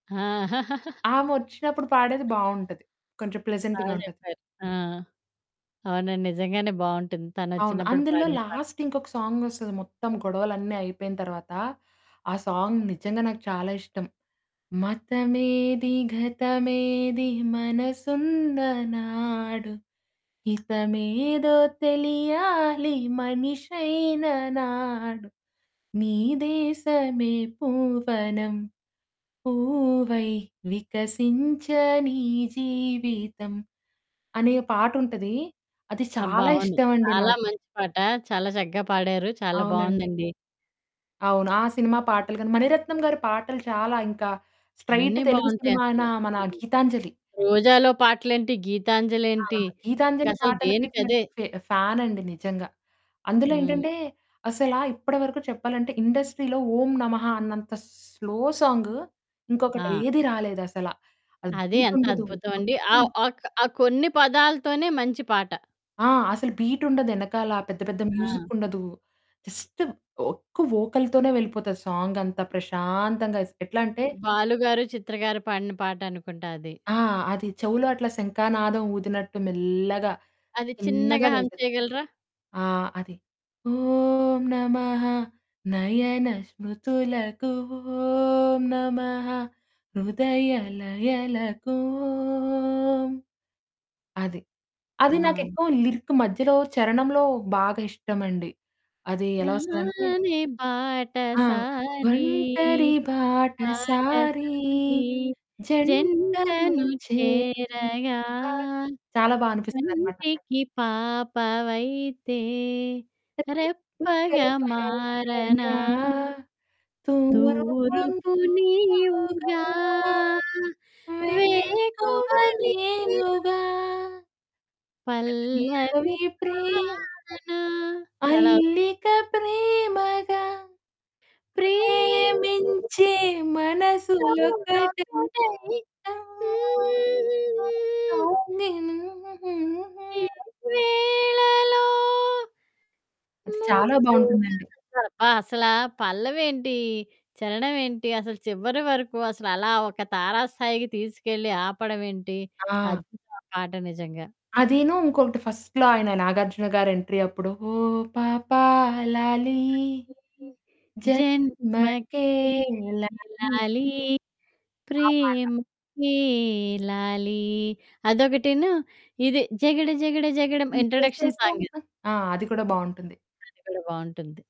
ఆ! ఆమె వచ్చినప్పుడు పాడేది బాగుంటది. కొంచెం ప్లెజెంట్‌గా బాగా ఉంటది. చెప్పారు. ఆ! అవునండి. నిజంగానే బాగుంటుంది అవును. తనోచ్చినప్పుడు అందులో పాడిన పాట. లాస్ట్ ఇంకొక సాంగ్ వస్తది మొత్తం గొడవలన్నీ అయిపోయిన తర్వాత. ఆ సాంగ్ నిజంగా నాకు చాలా ఇష్టం. మతమేది గతమేది మనసున్నా నాడు. హితమేదో తెలియాలి మనిషైన నాడు. నీ దేశమే పూవనం. పూవై వికసించ నీ జీవితం అనే పాటుంటది అది అబ్బా! చాలా అవును. ఇష్టం అండి చాలా నాకు. మంచి పాట, చాలా చక్కగా పాడారు, చాలా అవునండి. బాగుందండి. అవును. ఆ! సినిమా పాటలు గాని మణిరత్నం గారి పాటలు చాలా ఇంకా స్ట్రెయిట్ అన్నీ తెలుగు బాగుంటాయి సినిమా అయిన అసల, మన హ్మ్. 'గీతాంజలి.' రోజాలో పాటలేంటి, ఆ! గీతాంజలేంటి? ఇక 'గీతాంజలి' అసలు పాటలకైతే నేను దేనికదే. ఫ ఫానండి నిజంగా. అందులో హ్మ్. ఏంటంటే అసల ఇప్పటి వరకు చెప్పాలంటే, ఇండస్ట్రీలో ఓం నమః అన్నంత స్లో సాంగ్ ఇంకొకటి ఆ! ఏది రాలేదసల. అది అది ఎంత బీటుండదు అద్భుతం అండి ఆ! మొత్తం అక్ ఆ కొన్ని పదాలతోనే మంచి పాట. ఆ! అసలు బీట్ ఉండదు ఏనకాల పెద్ద పెద్ద మ్యూజిక్ ఆ! ఉండదు. జస్ట్ ఒక్క వోకల్‌‌తోనే వెళ్ళిపోతది. సాంగ్ అంతా ప్రశాంతంగా ఎస్ ఎట్లాంటే బాలు గారు, చిత్ర గారు, పాడిన పాటనుకుంట అది. ఆ! అది చెవులో అట్లా శంఖానాదం ఊదినట్టు మెల్లగా, అది చిన్నగా చిన్నగా హం వెళ్తది. చేయగలరా? ఆ! అది ఓం నమః నయన స్మృతులకు ఓం నమః హృదయ లయలకు ఓం అది. అది ఆ! నాకేక్కువ లిరిక్ మధ్యలో చరణంలో బాగా ఇష్టమండి. అది ఎలా వస్తదంటే హానే ఆ! బాటసారి, ఒంటరి బాటసారి, బాటసారి. జంటలు జంటను చేరాగా చేరగా చాలా బా అనిపిస్తదన్నమాట అక్కడ. కంటికి పాపవైతే, రెప్పగా మారనా. [unintelligible] గా తూరుపు తూర్పు నీవుగా, నీవుగా వెక్కువ వేకువ నీవు... నేనుగా... పల్లవి పల్లవి ప్రేమ పాడనా అది, అలావ అలికా ప్రేమగా ప్రేమించే ప్రేమించే [unintelligible] మనసులోకటై ఒకటై హ్మ్, హ్మ్, [unintelligible] హ్మ్. ఈ వేళలో అది చాలా ముద్దుగా బాగుంటుందండి. అబ్బా! అసలా పల్లవేంటి? చరణమేంటి? అసలు చివరి వరకు అసలలా ఒక తారా స్థాయికి తీసుకెళ్ళి ఆపడం ఏంటి? ఆ! అద్భుతం ఆ పాట నిజంగా. అదిను ఇంకొకటి ఫస్ట్‌లో ఆయన నాగార్జున గారి ఎంట్రీ అప్పుడు ఓహ్ పాపా లాలి లాలి జన్మకే జన్మకే లాలి లాలి ఆ పాట. ప్రేమకే లాలి అదొకటిను. ఇది జగడ జగడ జగడం నువు ఇంట్రోడక్షన్ సాంగ్ ఇది. చేసేశావా ఆ! అది కూడా బాగుంటుంది. అది కూడా బాగుంటుంది.